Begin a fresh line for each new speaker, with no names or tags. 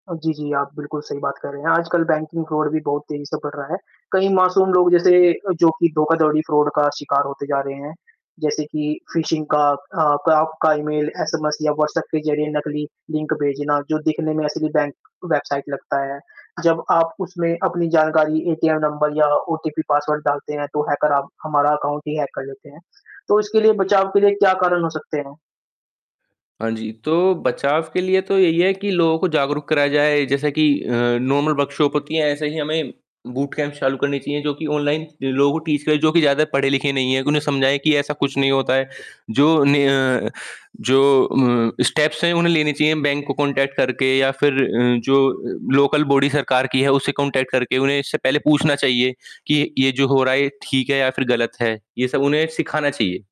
अ, जी, जी, आप बिल्कुल सही बात कर रहे हैं, आजकल बैंकिंग फ़्रॉड भी बहुत तेज़ी से बढ़ रहा है। कई मासूम लोग, जैसे अ, जो कि धोखाधड़ी, फ़्रॉड का शिकार होते जा रहे हैं। जैसे कि फिशिंग का अ, क आपका ईमेल, एसएमएस या व्हाट्सऐप के ज़रिए नकली लिंक भेजना, जो दिखने में असली बैंक वेबसाइट लगता है। जब आप उसमें अपनी जानकारी, एटीएम नंबर या ओटीपी पासवर्ड डालते हैं, तो हैकर आप हमारा अकाउंट ही हैक कर लेते हैं। तो इसके लिए, बचाव के लिए क्या कारण हो सकते हैं?
हाँ जी, तो बचाव के लिए तो यही है कि लोगों को जागरूक करा जाए, जैसा कि अ, नॉर्मल वर्कशॉप कि ऐसे ही हमें बूटकैम्प चालू करनी चाहिए, जो कि ऑनलाइन, जो लोगों को टीच करें, जो कि ज़्यादा पढ़े-लिखे नहीं हैं, उन्हें समझाएँ कि ऐसा कुछ नहीं होता है। जो ने अ, जो अ, स्टेप्स हैं, उन्हें लेनी चाहिए बैंक को कॉन्टैक्ट करके, या फिर अ, जो लोकल बॉडी सरकार की है, उससे कॉन्टैक्ट करके उन्हें इससे पहले पूछना चाहिए कि, ये जो हो रहा है, ये ठीक है, या फिर गलत है? ये सब उन्हें सिखाना चाहिए।